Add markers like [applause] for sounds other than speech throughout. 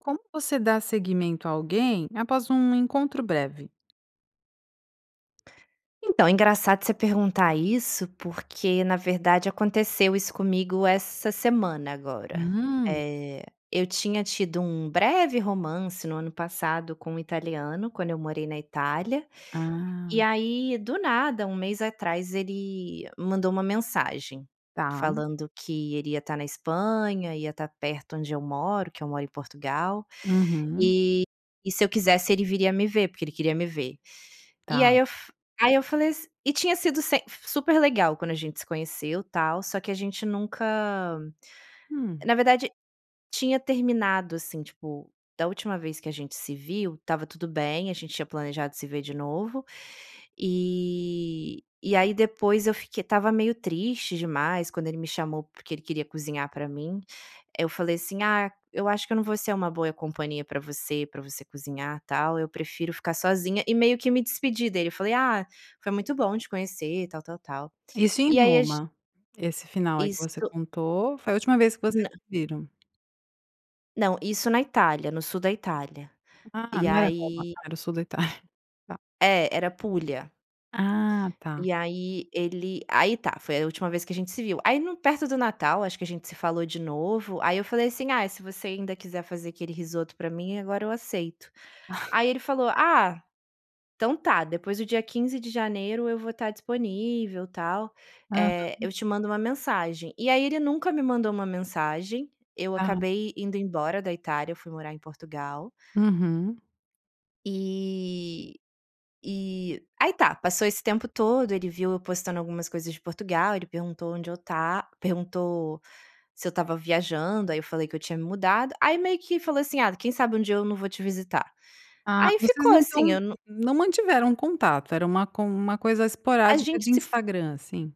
Como você dá seguimento a alguém, após um encontro breve? Então, engraçado você perguntar isso, porque na verdade aconteceu isso comigo essa semana agora. Hum. Eh, eu tinha tido um breve romance no ano passado com um italiano, quando eu morei na Itália. Ah. E aí, do nada, um mês atrás ele mandou uma mensagem Tá. falando que ele iria estar na Espanha, ia estar perto onde eu moro, que eu moro em Portugal. Uhum. E e se eu quisesse, ele viria a me ver, porque ele queria me ver. E aí Tá. eu f aí eu falei as e tinha sido semp super legal quando a gente se conheceu, tal. Só que a gente nunca Hum. na verdade tinha terminado. Assim, tipo, da última vez que a gente se viu, estava tudo bem, a gente tinha planejado se ver de novo, e e aí depois eu fique estava meio triste demais, quando ele me chamou, porque ele queria cozinhar para mim. Eu falei assim: "Ah, eu acho que eu não vou ser uma boa companhia para você, para você cozinhar tal, eu prefiro ficar sozinha" e meio que me despedi dele. Eu falei: "Ah, foi muito bom te conhecer, tal, tal, tal". Isso em E aí, a g Roma? Esse final aí que você Isso contou, foi a última vez que vocês Nã se viram? Não, isso na Itália, no sul da Itália. Ah, E não era Roma, aí era o sul da Itália, tá. É, era Pulha. Ah, tá. E aí ele aí tá, foi a última vez que a gente se viu. Aí no perto do Natal, acho que a gente se falou de novo, ai eu falei assim: "Ah, se você ainda quiser fazer aquele risoto para mim, agora eu aceito". [chuckles] Aí ele falou: "Ah, então tá, depois do dia 15 de janeiro eu vou estar disponível, tal. Eh, Aham. eu te mando uma mensagem". E aí ele nunca me mandou uma mensagem, eu Ah. acabei indo embora da Itália, eu fui morar em Portugal. Uhum. E e aí tá. Passou esse tempo todo. Ele viu eu postando algumas coisas de Portugal. Ele perguntou onde eu ta perguntou se eu estava viajando, aí eu falei que eu tinha me mudado. Aí, meio que falou assim: "Ah, quem sabe dia eu não vou te visitar?" Ah. Aí Vocês ficou não estão assim, eu não não mantiveram o contato. Era uma co uma coisa a esporádica gente de se f Instagram, assim.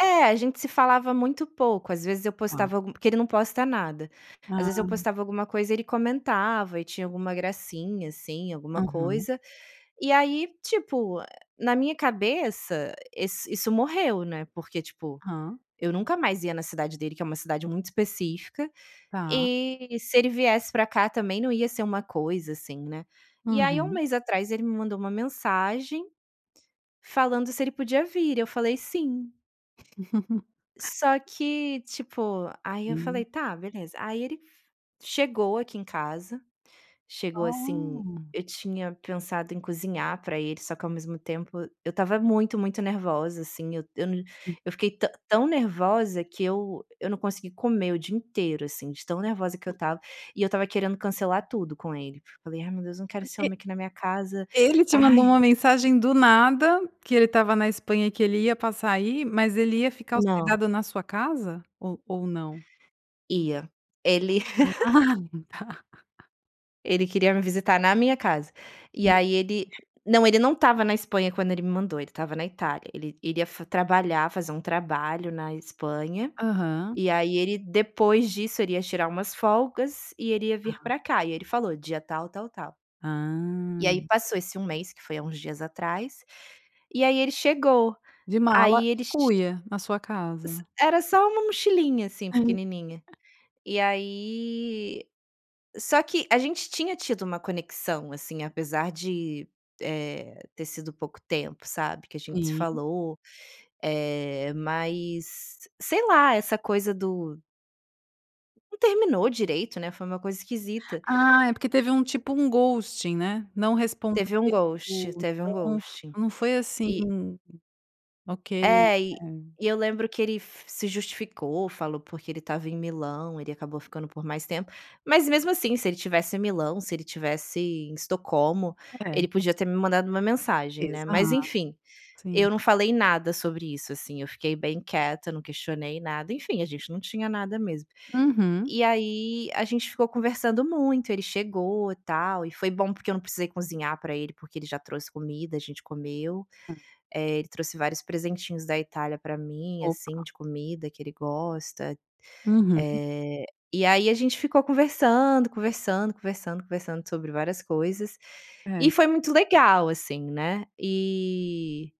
É, a gente se falava muito pouco. Às vezes eu Tá. postava algu porque ele não posta nada. Às vezes eu Ah. postava alguma coisa, ele comentava e tinha alguma gracinha, assim, alguma Aham. coisa. E aí, tipo, na minha cabeça esse isso morreu, né. Porque, tipo, Hã. eu nunca mais ia na cidade dele, que é uma cidade muito específica, Tá. e se ele viesse pra cá também não ia ser uma coisa, assim, né. E aí, 1 Uhum. mês atrás ele me mandou uma mensagem, falando se ele podia vir e eu falei: "Sim". [laughs] Só que, tipo, aí eu Hum. falei: "Tá, beleza". Aí, ele chegou aqui em casa, chegou assim, Ah. eu tinha pensado em cozinhar pra ele, só que ao mesmo tempo, eu estava muito, muito nervosa, assim, eu eu não Hum. eu fiquei tã tão nervosa, que eu eu não consegui comer o dia inteiro, assim, de tão nervosa que eu estava. E eu estava querendo cancelar tudo com ele. Falei: "Ai, meu Deus, não quero ser Porque homem aqui na minha casa". ele te mandou Ai. uma mensagem do nada, que ele estava na Espanha e que ele ia passar aí, mas ele ia ficar Não. hospedado na sua casa? Ou ou não? Ia. Ele [laughs] Ah, tá. [laughs] Ele queria me visitar na minha casa. E [unintelligible] aí ele não, ele não estava na Espanha quando ele me mandou; ele estava na Itália. Ele iria fa trabalhar, fazer um trabalho na Espanha, Aham. e aí ele, depois disso, ele ia tirar umas folgas e ele ia vir Ah. pra cá. E ele falou: "Dia tal, tal, tal". Ah. E aí, passou esse 1 mês, que foi há uns dias atrás, e aí ele chegou. De mala Aí e ele ch cuia na sua casa. S era só uma mochilinha, assim, pequenininha. [laughs] E aí só que a gente tinha tido uma conexão, assim, apesar de, eh, ter sido pouco tempo, sabe, que a gente se Sim. falou. Eh, mas, sei lá, essa coisa do não terminou direito, né? Foi uma coisa esquisita. Ah, é porque teve um tipo um ghosting, né? Não respondeu, Teve um ghosting, teve um Então f ghosting. não foi assim, E ok. É, e É. e eu lembro que ele f se justificou, falou porque ele estava em Milão. Ele acabou ficando por mais tempo. Mas, mesmo assim, se ele estivesse em Milão, se ele estivesse em Estocolmo, É. ele podia ter me mandado uma mensagem, né? Mas Exato, enfim, sim. eu não falei nada sobre isso, assim. Eu fiquei bem quieta, eu não questionei nada, enfim, a gente não tinha nada mesmo. Uhum. E aí, a gente ficou conversando muito. Ele chegou e tal. E foi bom porque eu não precisei cozinhar pra ele porque ele já trouxe comida, a gente comeu. Ah. Eh, ele trouxe vários presentinhos da Itália pra mim, Opa. assim, de comida que ele gosta. Uhum. Eh, e aí a gente ficou conversando, conversando, conversando, conversando sobre várias coisas. E É. foi muito legal assim, né? Eh,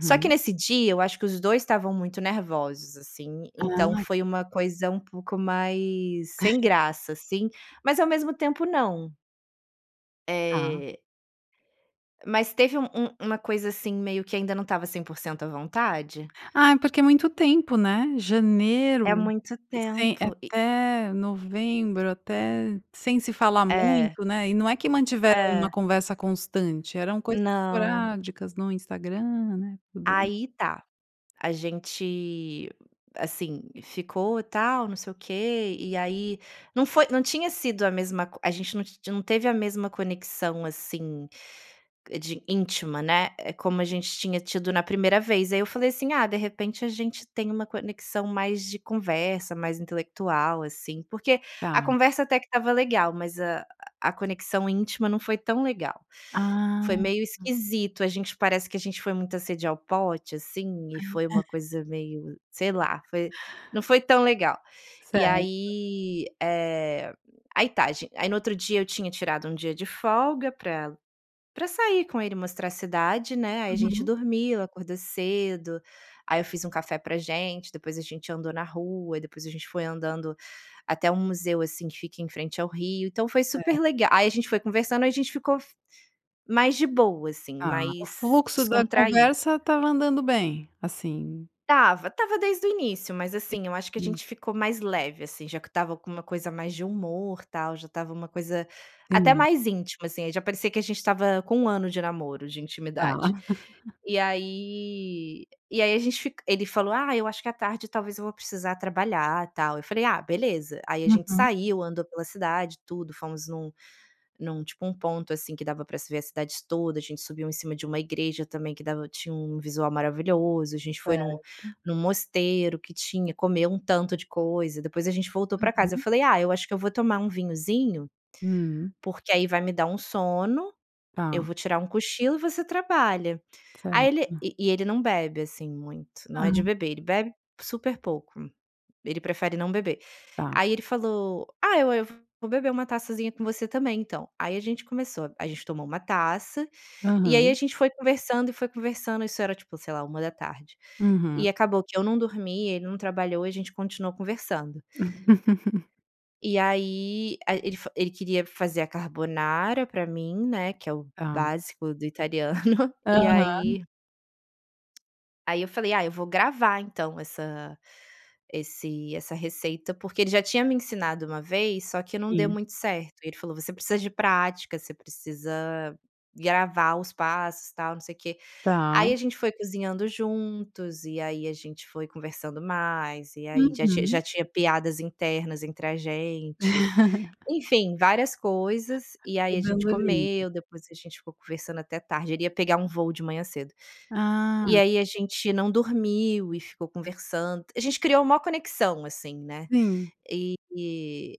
só que nesse dia, eu acho que os 2 estavam muito nervosos, assim. Ah Então e foi uma coisa um pouco mais sem [chuckles] graça, assim. Mas ao mesmo tempo não. Tá. Eh. Mas teve um um uma coisa assim meio que ainda não estava 100% a vontade? Ah, é porque é muito tempo, né? É Janeiro, muito sem tempo, e até, novembro até, sem se falar É. muito, né, e não é que mantiveram uma É. conversa constante, eram coisas Não. esporádicas no Instagram, né, também. Aí tá. A gente, assim, ficou tal, não sei o quê, e aí não foi não tinha sido a mesma co a gente não ti não teve a mesma conexão, assim, de íntima, né, como a gente tinha tido na primeira vez, aí eu falei assim: "Ah, de repente a gente tem uma conexão mais de conversa mais intelectual assim.", porque Tá. a conversa até que estava legal mas a a conexão íntima não foi tão legal. Foi Ah. meio esquisito a gente parece que a gente foi muita sede ao pote, assim, e foi uma [laughs] coisa meio, sei lá, foi não foi tão legal. E Certo. aí, eh, aí tá gi aí no outro dia eu tinha tirado um dia de folga pra pra sair com ele e mostrar a cidade, né, aí a gente Uhum. dormiu acordou cedo, aí eu fiz um café pra gente, depois a gente andou na rua, depois a gente foi andando até um museu, assim, que fica em frente ao rio, então foi Certo. super lega aí a gente foi conversando e a gente ficou f mais de boa, assim, Ah, o mais fluxo da descontraído. conversa estava andando bem, assim? Estava. Estava desde o início, mas, Eh assim, eu acho que a hum. gente ficou mais leve assim já que estava com uma coisa mais de humor tal, já estava uma coisa, até Sim. mais íntima assim, aí já parecia que a gente estava com 1 ano de namoro de intimidade. Ah. [laughs] E aí, eh, e aí a gente fic ele falou: "Ah, eu acho que à tarde talvez eu vou precisar trabalhar e tal", eu falei: "Ah beleza!". Aí a gente Uhum. saiu andou pela cidade tudo, fomos num num tipo um ponto, assim, que dava pra se ver a cidade toda, a gente subiu em cima de uma igreja também que dava tinha um visual maravilhoso, a gente foi Certo. num num mosteiro que tinha comeu um tanto de coisa, depois a gente voltou pra casa. Eu Uhum. falei: "Ah, eu acho que eu vou tomar vinhozinho, Hum. porque aí vai me dar um sono, Tá. eu vou tirar um cochilo e você trabalha.". Aí ele Certo. e e ele não bebe assim muito, não é de Hã. beber. Ele bebe super pouco. Ele prefere não beber. Tá. Ai ele falou: "Ah, eu eu vou beber uma taçazinha com você também então.". Aí a gente começou. A gente tomou uma taça, e aí a Aham. gente foi conversando e foi conversando, isso era tipo, sei lá, 13h. Uhum. E acabou que eu não dormi, ele não trabalhou e a gente continuou conversando [laughs] e aí, a ele fa ele queria fazer a carbonara pra mim, né, que é o Tá. básico do italiano [laughs] e Aham. aí aí eu falei: "Ah eu vou gravar então essa esse essa receita, porque ele já tinha me ensinado uma vez, só que não deu Sim. muito certo. Ele falou: "Você precisa de prática você precisa gravar os passos tal não sei o quê". Tá. Aí a gente foi cozinhando juntos e aí a gente foi conversando mais e aí já tinha Uhum. já tinha piadas internas entre a gente, [laughs] enfim, várias coisas, e Foi aí a gente dando liga. comeu depois a gente ficou conversando até tarde ele ia pegar um voo de manhã cedo e Ah. aí a gente não dormiu e ficou conversando a gente criou maior conexão assim, né, Sim. eh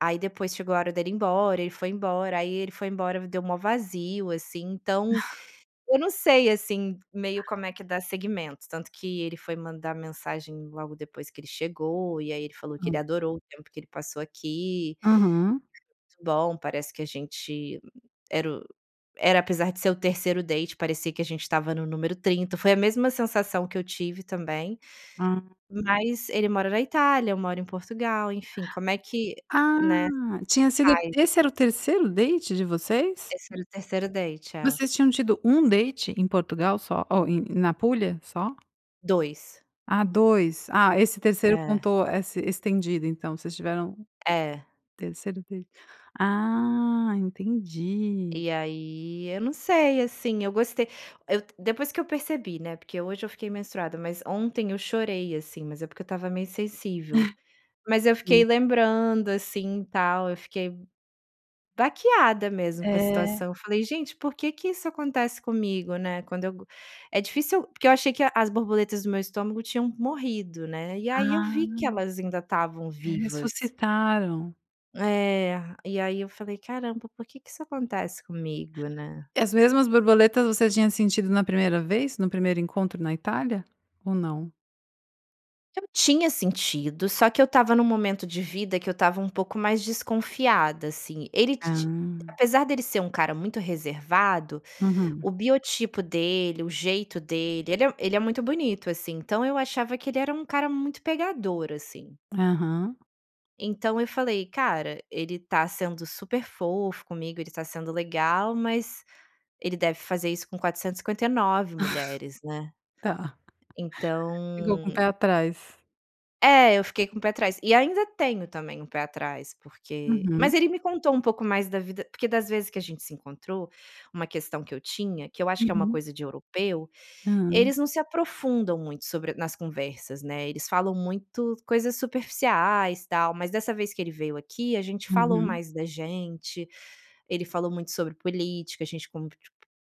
aí depois chegou a hora dele ir embora, ele foi embora aí ele foi embora me deu o maior vazio, assim, então [laughs] eu não sei, assim, meio Ah. como é que dá seguimento, tanto que ele foi mandar mensagem logo depois que ele chegou e aí ele falou que ele Hã. adorou o tempo que ele passou aqui. Aham. Bom parece que a gente era o era apesar de ser o 3º date parecia que a gente estava no número 30, foi a mesma sensação que eu tive também, Hã. mas ele mora na Itália eu moro em Portugal enfim como é que, Ah, né, tinha sido fai esse era o 3º date de vocês? Esse era o 3 date, é. Vocês tinham tido 1 date em Portugal só Oh, em, na Apúlia só? 2. Ah, 2. Ah, esse terceiro É. contou esse estendido então, vocês tiveram o É. terceiro date. Ah, entendi. E aí, eu não sei, assim, eu gostei. Eu depois que eu percebi, né, porque hoje eu fiquei menstruada, mas ontem eu chorei, assim, mas é porque eu estava meio sensível. Mas [chuckles] eu Sim. fiquei lembrando, assim, tal, eu fiquei baqueada mesmo com a É. situação, eu falei: "Gente, por que que isso acontece comigo, né, quando eu go" é difícil porque eu achei que a as borboletas do meu estômago tinham morrido, né, e aí eu Ah. vi que elas ainda estavam vivas. Ressuscitaram. É, e aí eu falei: "Caramba, por que que isso acontece comigo, né". E as mesmas borboletas, você tinha sentido na primeira vez, no primeiro encontro na Itália ou não? Eu tinha sentido, só que eu estava num momento de vida que eu estava um pouco mais desconfiada, assim. Ele titi Ah. apesar de ele ser um cara muito reservado, Uhum. o biotipo dele, o jeito dele, ele é ele é muito bonito, assim, então eu achava que ele era um cara muito pegador, assim. Aham. Então eu falei: "Cara, ele tá sendo super fofo comigo, ele está sendo legal, mas ele deve fazer isso com 459 mulheres, né". [laughs] Tá. [laughs] Ficou com o Então pé atrás. É, eu fiquei com o pé atrás. E ainda tenho também, um pé atrás, porque mas Uhum. ele me contou um pouco mais da vida porque das vezes que a gente se encontrou, uma questão que eu tinha, que eu acho que é uma Uhum. coisa de europeu, Hã. eles não se aprofundam muito sobre nas conversas, né, eles falam muito coisas superficiais, tal. Mas dessa vez que ele veio aqui, a gente falou Uhum. mais da gente. Ele falou muito sobre política, a gente con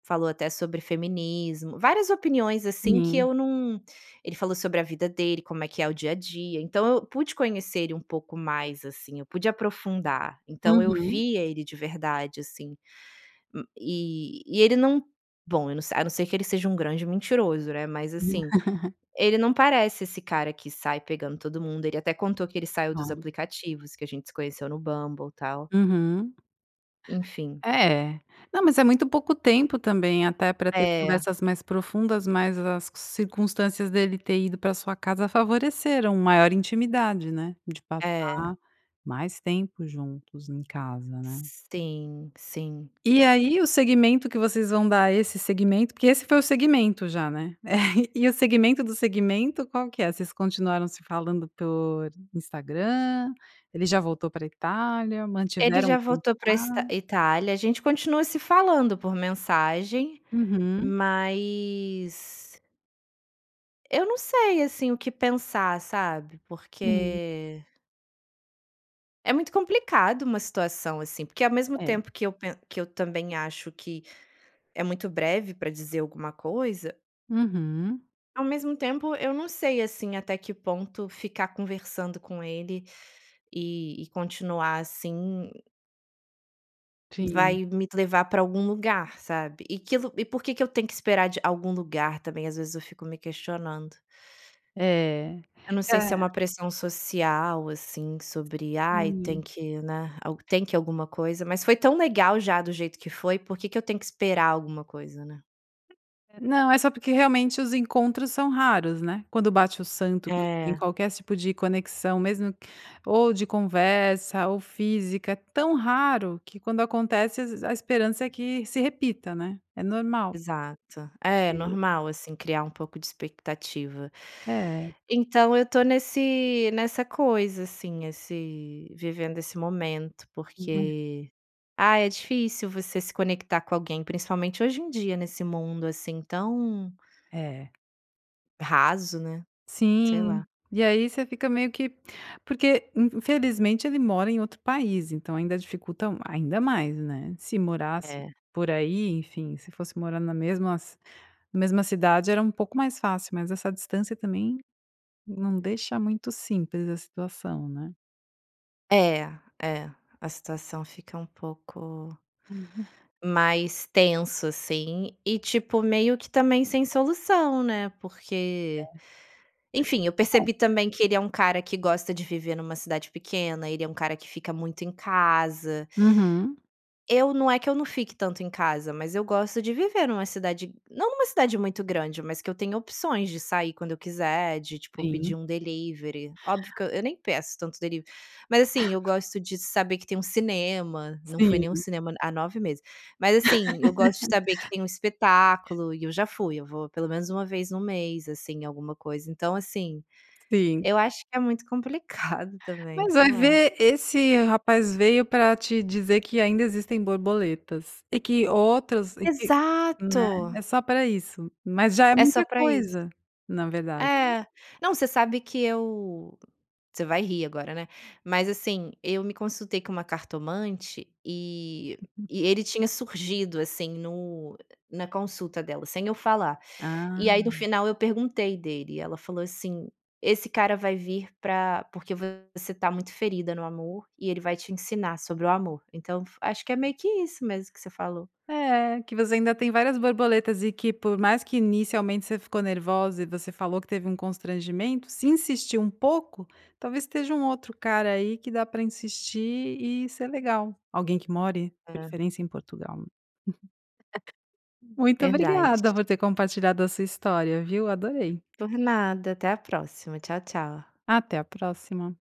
falou até sobre feminismo várias opiniões, assim, que Sim. eu não ele falou sobre a vida dele, como é que é o dia a dia, então eu pude conhecer ele um pouco mais, assim, eu pude aprofundar. Então eu Uhum. via ele de verdade, assim. Hum e e ele não bom, eu não se a não ser que ele seja um grande mentiroso, né, mas assim, [laughs] ele não parece esse cara que sai pegando todo mundo, ele até contou que ele saiu dos Claro. aplicativos, que a gente se conheceu no Bumble, tal. Uhum. Enfim. É. Não, mas é muito pouco tempo também, até pra ter É. conversas mais profundas, mas as circunstâncias dele ter ido pra sua casa favoreceram maior intimidade, né. De É. passar mais tempo juntos em casa, né. Sim, sim. E aí, o segmento que vocês vão dar a esse segmento porque esse foi o segmento já, né. [chuckles] E e o segmento do segmento, qual que é? Vocês continuaram se falando por Instagram? Ele já voltou para a Itália? Ele Mantiveram o já conta voltou pra ista Itália. A gente continuou se falando por mensagem, Uhum. mas eu não sei, assim, o que pensar, sabe. Sim. Porque é muito complicado uma situação assim, porque ao mesmo É. tempo que eu pe que eu também acho que é muito breve pra dizer alguma coisa Uhum. Ao mesmo tempo, eu não sei, assim, até que ponto ficar conversando com ele, e e continuar assim Sim. vai me levar pra algum lugar, sabe. E que lu e por que que eu tenho que esperar de algum lugar também, às vezes eu fico me questionando. É. Eu não sei Hã. se é uma pressão social, assim, sobre: "Ai, tem Hum. que, né, ao tem que alguma coisa". Mas foi tão legal já do jeito que foi, por que que eu tenho que esperar alguma coisa, né. Não, é só porque realmente os encontros são raros, né. Quando bate o santo, quando tem É. qualquer tipo de conexão mesmo, ou de conversa ou física. É tão raro, que quando acontece as a esperança é que se repita, né. É normal. Exato. É, E normal assim, criar um pouco de expectativa. É. Então eu estou nesse nessa coisa assim, esse vivendo esse momento, [unintelligible] porque ah, é difícil você se conectar com alguém, principalmente hoje em dia, nesse mundo assim, tão É. raso, né. Sei Sim. lá. E aí você fica meio que porque infelizmente ele mora em outro país, então ainda dificulta um ainda mais, né. Se morasse É. por aí, enfim, se fosse morar na mesmas mesma cidade, era um pouco mais fácil, mas essa distância também, não deixa muito simples a situação, né. É. é. A situação fica um pouco [laughs] mais tenso, assim, e tipo, meio que também sem solução, né, É. porque, enfim. Eu [unintelligible] percebi também que ele é um cara que gosta de viver numa cidade pequena. Ele é um cara que fica muito em casa Uhum. Eu não é que eu não fique tanto em casa, mas eu gosto de viver numa cidade não numa cidade muito grande, mas que eu tenha opções de sair quando eu quiser, de, tipo, pedir Sim. um delivery. Óbvio que e eu nem peço tanto delivery. Mas, assim, eu gosto [laughs] de saber que tem um cinema. Não fui em nenhum Sim. cinema a há 9 meses. Mas, assim. Eu gosto de saber que tem um espetáculo, e eu já [laughs] fui. Eu vou pelo menos 1 vez no mês, assim, em alguma coisa. Então, assim. Sim. Eu acho que é muito complicado, também. Mas Sei vai lá. ver esse rapaz veio pra te dizer que ainda existem borboletas. E que outras e que, né. Exato! É só pra isso. Mas já é É só muita pra isso. coisa, na verdade. É. Não, você sabe que eu você vai rir agora, né. Mas, assim. Eu me consultei com uma cartomante, eh, Uhum. e ele tinha surgido, assim, no na consulta dela, sem eu falar. E aí, no Ah. final, eu perguntei dele e ela falou, assim: "Esse cara vai vir pra porque você tá muito ferida no amor, e ele vai te ensinar sobre o amor." Então, fu acho que é meio que isso mesmo que você falou. É. Que você ainda tem várias borboletas e que por mais que, inicialmente, você ficou nervosa e você falou que teve um constrangimento, se insistir um pouco, talvez, esteja um outro cara aí, que dá pra insistir e ser legal. Alguém que more, de É. preferência em Portugal. [laughs] Muito Verdade. obrigada por ter compartilhado a sua história, viu. Adorei. Por nada. Até a próxima. Tchau, tchau. Até a próxima.